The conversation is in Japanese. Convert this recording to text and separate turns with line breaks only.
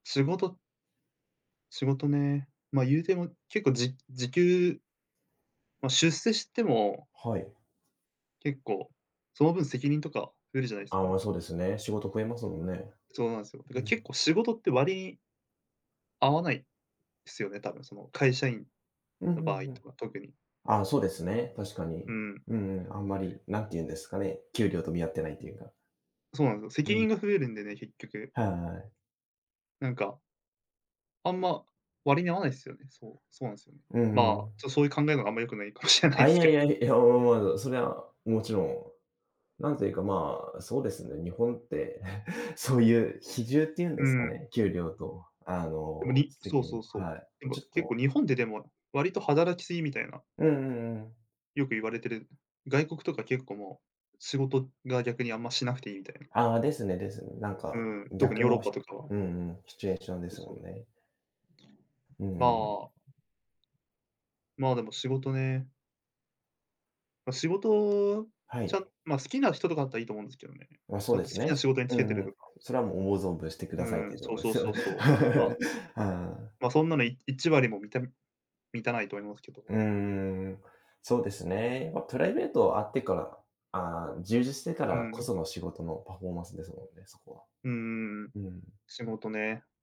仕事仕事ね、まあ、言うても、結構じ時給まあ、出世しても
はい。
結構、その分、責任とか増えるじゃないです
ああ、
か。
まそうですね。仕事増えますもんね。
そうなんですよ。だか
う
ら
ん。
結構仕事って割合わないすよね、多分、その、会社員
うんう
の場合
んうん。
とか、特に。
ああ、そうですね、確か
う
に。
ん。
うん、あんまり何て言うんですかね、給料と見合ってないっていうか。
そうなんですよ、
う
責任
ん。
が増えるんでね、結局。
はいはい。
なんかあんま、割に合わないすよね。そう、そうなんすよね。
う
まあ、
ん。
ちょそういう考えのがあんまり良くないかもしれない
あ、い
す
や
けど。
いや、いや、思わずそれはもちろん、なんていうか、まあ、そうですね、日本って、そういう比重っていうんで
う
すか
ん。
ね、給料とあ
でも、
の、
にそう
責
そ
任
うそう、
はい。
で
ち
も、
ょっ
結構
と
日本ってでも、割と働きすぎみたいな。
うんうんうん。
よく言われてる、外国とか結構もう、仕事が逆にあんましなくていいみたいな。
ああ、ですねですね。なん
う
か
ん、特に
逆
ヨーロッ
の、
パとかは。
うんうん、シチュエーションで
そう
す
そ
も
う。
んね。う
ま
ん。
あまあ、でも仕事ね。まあ、仕事っ
は
ちゃ、
い。
まあ、好きな人とかだったらいいと思うんですけどね。
ま、
ち
そう
ゃん
で
と好
す
き
ね。
な仕事につ
う
けて
ん
る
うん。
とか。
それはもう思う存分してく
う
ださいっ
ん、
ていうと
そ
こ
う
ろで
そう
すよ。
そうそう。まあ
はい。
ま、そんなの1割もみた満たないと思いますけ
うー
ど。
ん、そうですね。ま、プライベートあってからああ、充実してか
う
ら、こ
ん。
その仕事のパフォーマンスですもんね、そこは。
うんうんうん。
うん。
仕事ね。